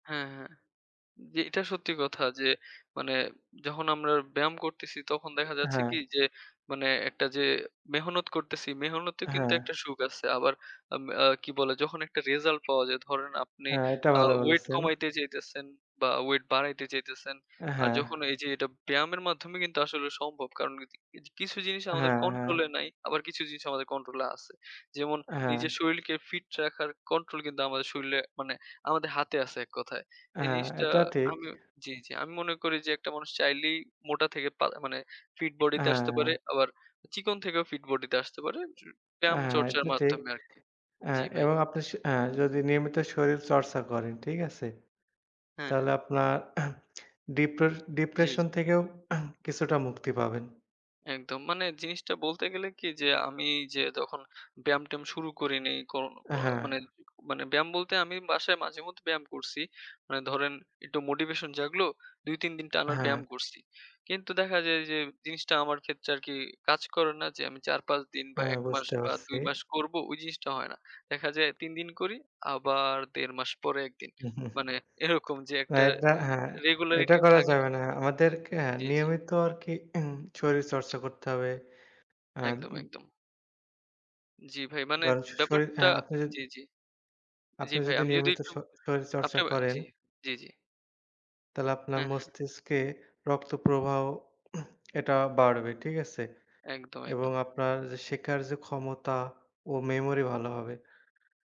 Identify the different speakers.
Speaker 1: হ্যাঁ, হ্যাঁ। জি এটা সত্যি কথা যে
Speaker 2: [unintelligible]
Speaker 1: মানে, যখন আমরা ব্যায়াম করতেছি তখন দেখা যাচ্ছে
Speaker 2: হ্যাঁ।
Speaker 1: কি যে, মানে একটা যে, মেহনত করতেছি, মেহনতেও কিন্তু
Speaker 2: হ্যাঁ।
Speaker 1: একটা সুখ আছে। আবার আ কি বলে যখন একটা রেজাল্ট পাওয়া যায়। ধরেন আপনি
Speaker 2: হ্যাঁ, এটা
Speaker 1: আ
Speaker 2: ভালো
Speaker 1: ওয়েট
Speaker 2: বলেছেন।
Speaker 1: কমাইতে চাইতেছেন বা ওয়েট বাড়াইতে চাইতেছেন আর
Speaker 2: হ্যাঁ।
Speaker 1: যখন এই যে, এটা ব্যায়ামের মাধ্যমে কিন্তু আসলে সম্ভব। কারণ [unintelligible] কিছু জিনিস আমাদের
Speaker 2: হ্যাঁ, হ্যাঁ।
Speaker 1: কন্ট্রোলে নাই, আবার কিছু জিনিস আমাদের কন্ট্রোলে আছে। যেমন
Speaker 2: হ্যাঁ।
Speaker 1: নিজের শরীরকে ফিট রাখার কন্ট্রোল কিন্তু আমাদের শরীরে মানে, আমাদের হাতে আছে এক কথায়। এই
Speaker 2: হ্যাঁ,
Speaker 1: জিনিসটা
Speaker 2: এটা ঠিক।
Speaker 1: আমি, জি, জি, আমি মনে করি যে, একটা মানুষ চাইলেই মোটা থেকে পা মানে ফিট বডিতে আসতে পারে।
Speaker 2: হ্যাঁ।
Speaker 1: আবার চিকন থেকেও ফিট বডিতে আসতে পারে। চ
Speaker 2: আ হ্যাঁ,
Speaker 1: ব্যায়ামচর্চার
Speaker 2: এটা ঠিক।
Speaker 1: মাধ্যমে আরকি।
Speaker 2: আ
Speaker 1: জি ভাই।
Speaker 2: এবং আপনি স আ যদি নিয়মিত শরীর চর্চা করেন, ঠিক আছে?
Speaker 1: হ্যাঁ,
Speaker 2: তাহলে
Speaker 1: হ্যাঁ।
Speaker 2: আপনার ডিপ্রে
Speaker 1: জি,
Speaker 2: ডিপ্রেশন
Speaker 1: জি।
Speaker 2: থেকেও কিছুটা মুক্তি পাবেন।
Speaker 1: একদম মানে জিনিসটা বলতে গেলে কি, যে আমি যে তখন ব্যায়াম-ট্যায়াম শুরু করিনি, কো
Speaker 2: হ্যাঁ।
Speaker 1: মানে মানে ব্যায়াম বলতে আমি বাসায় মাঝে মধ্যে ব্যায়াম করছি। মানে ধরেন একটু মোটিভেশন জাগলো। ২-৩ দিন টানার
Speaker 2: হ্যাঁ।
Speaker 1: ব্যায়াম করছি। কিন্তু দেখা যায় যে জিনিসটা আমার ক্ষেত্রে আরকি কাজ করে না যে, আমি ৪-৫ দিন বা
Speaker 2: হ্যাঁ,
Speaker 1: ১ মাস
Speaker 2: বুঝতে
Speaker 1: বা
Speaker 2: পারছি।
Speaker 1: ২ মাস করব ওই জিনিসটা হয় না। দেখা যায় ৩ দিন করি আবার ১.৫ মাস পরে ১ দিন। মানে এরকম যে
Speaker 2: না,
Speaker 1: একটা
Speaker 2: এটা হ্যাঁ, এটা
Speaker 1: রেগুলারিটি
Speaker 2: করা
Speaker 1: থাকে না।
Speaker 2: যাবে না। আমাদেরকে হ্যাঁ
Speaker 1: জি, জি।
Speaker 2: নিয়মিত আর কি শরীর চর্চা করতে হবে। আ
Speaker 1: একদম,
Speaker 2: উন
Speaker 1: একদম। জি ভাই। মানে
Speaker 2: কারন শ শ শরীর
Speaker 1: ব্যাপারটা
Speaker 2: হ্যাঁ আপনি যদি।
Speaker 1: জি, জি। জি
Speaker 2: আপনি
Speaker 1: ভাই
Speaker 2: যদি
Speaker 1: আমি যদি
Speaker 2: নিয়মিত
Speaker 1: একটু
Speaker 2: শ শরীর
Speaker 1: আপনি,
Speaker 2: চর্চা করেন।
Speaker 1: জি, জি, জি।
Speaker 2: তাহলে আপনার
Speaker 1: হ্যাঁ, হ্যাঁ।
Speaker 2: মস্তিষ্কে রক্তপ্রবাহ, এটা বাড়বে, ঠিক আছে?
Speaker 1: একদম,
Speaker 2: এবং
Speaker 1: একদম।
Speaker 2: আপনার যে শেখার যে ক্ষমতা ও মেমোরি ভালো হবে।